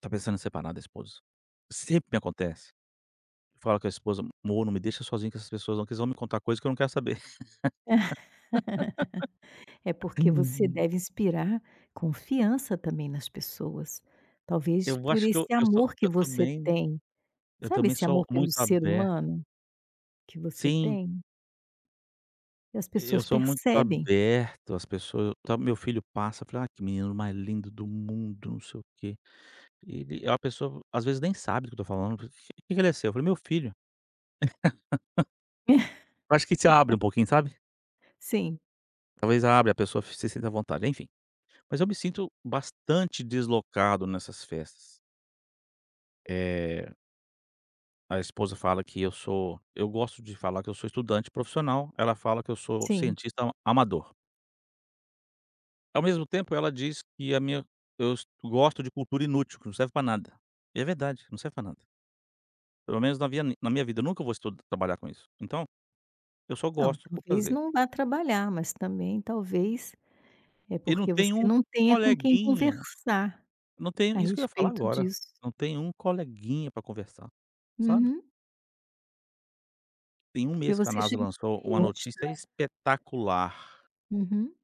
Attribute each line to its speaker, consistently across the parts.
Speaker 1: Está pensando em separar da esposa, sempre me acontece, que fala que a esposa, amor, me deixa sozinho com essas pessoas não, vocês vão me contar coisa que eu não quero saber.
Speaker 2: É porque você deve inspirar confiança também nas pessoas, talvez
Speaker 1: Eu
Speaker 2: por
Speaker 1: acho que eu
Speaker 2: esse
Speaker 1: eu sou
Speaker 2: amor que
Speaker 1: eu
Speaker 2: você
Speaker 1: também,
Speaker 2: tem,
Speaker 1: eu
Speaker 2: Sabe
Speaker 1: também
Speaker 2: esse
Speaker 1: sou
Speaker 2: amor
Speaker 1: muito
Speaker 2: pelo ser
Speaker 1: aberto.
Speaker 2: humano que você
Speaker 1: Sim.
Speaker 2: tem? E as
Speaker 1: Eu
Speaker 2: pessoas
Speaker 1: sou muito
Speaker 2: percebem.
Speaker 1: aberto, as pessoa, ta meu filho passa, fala: "ah que menino mais lindo do mundo, não sei o quê," ele a pessoa às vezes nem sabe do que eu estou falando, que que ele seu? Eu falei meu filho. Eu acho que te abre um pouquinho, sabe?
Speaker 2: Sim.
Speaker 1: Talvez abre a pessoa se sinta à vontade enfim. Mas eu me sinto bastante deslocado nessas festas. Eh. A esposa fala que eu sou eu gosto de falar que eu sou estudante profissional, ela fala que eu sou
Speaker 2: Sim.
Speaker 1: cientista amador. Ao mesmo tempo ela diz que a minha, eu es gosto de cultura inútil que não serve para nada. E é verdade, não serve para nada. Pelo menos na minha na minha vida, eu nunca vou estudar trabalhar com isso. Então, eu só
Speaker 2: Não,
Speaker 1: gosto por
Speaker 2: talvez
Speaker 1: prazer.
Speaker 2: não vá trabalhar mas também talvez é
Speaker 1: E não
Speaker 2: porque
Speaker 1: tem
Speaker 2: você
Speaker 1: um
Speaker 2: não tenha com quem
Speaker 1: coleguinha,
Speaker 2: conversar,
Speaker 1: não tem
Speaker 2: a
Speaker 1: isso que eu ia falar
Speaker 2: respeito
Speaker 1: agora,
Speaker 2: disso.
Speaker 1: não tem um coleguinha para conversar, sabe
Speaker 2: Uhum.
Speaker 1: Tem um
Speaker 2: Porque
Speaker 1: mês que a
Speaker 2: você
Speaker 1: Nasa
Speaker 2: chegou
Speaker 1: lançou
Speaker 2: no meio
Speaker 1: uma
Speaker 2: da onde
Speaker 1: notícia
Speaker 2: está.
Speaker 1: espetacular.
Speaker 2: Uhum.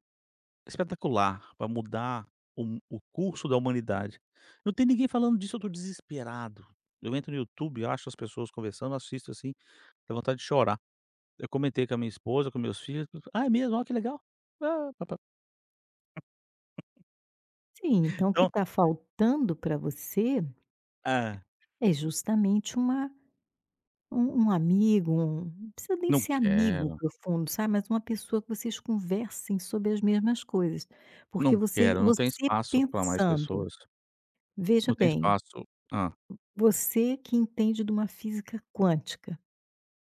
Speaker 1: Espetacular para mudar o mu o curso da humanidade. Não tem ninguém falando disso, eu estou desesperado, eu entro no YouTube e acho as pessoas conversando, assisto assim, tenho vontade de chorar, eu comentei com a minha esposa, com meus filhos, ah é mesmo olha que legal, ah pa pa.
Speaker 2: Sim, então o que
Speaker 1: Então.
Speaker 2: está faltando para você
Speaker 1: Hã?
Speaker 2: é justamente uma, um um amigo, um não precisa nem
Speaker 1: Não
Speaker 2: ser amigo
Speaker 1: quero.
Speaker 2: profundo, sabe, mas uma pessoa que vocês conversem sobre as mesmas coisas, porque
Speaker 1: Não quero, não tem
Speaker 2: você-você
Speaker 1: espaço para mais
Speaker 2: pensando,
Speaker 1: pessoas.
Speaker 2: veja
Speaker 1: Não tem
Speaker 2: bem,
Speaker 1: espaço. Hã?
Speaker 2: você que entende de uma física quântica,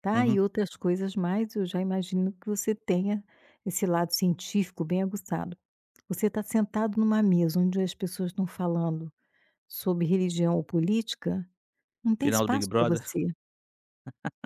Speaker 2: tá,
Speaker 1: Aham.
Speaker 2: e outras coisas mais, eu já imagino que você tenha esse lado científico bem aguçado. Você está sentado em um mesa onde as pessoas estão falando sobre religião ou política, não tem
Speaker 1: Final do Big
Speaker 2: espaço para
Speaker 1: Brother?
Speaker 2: você.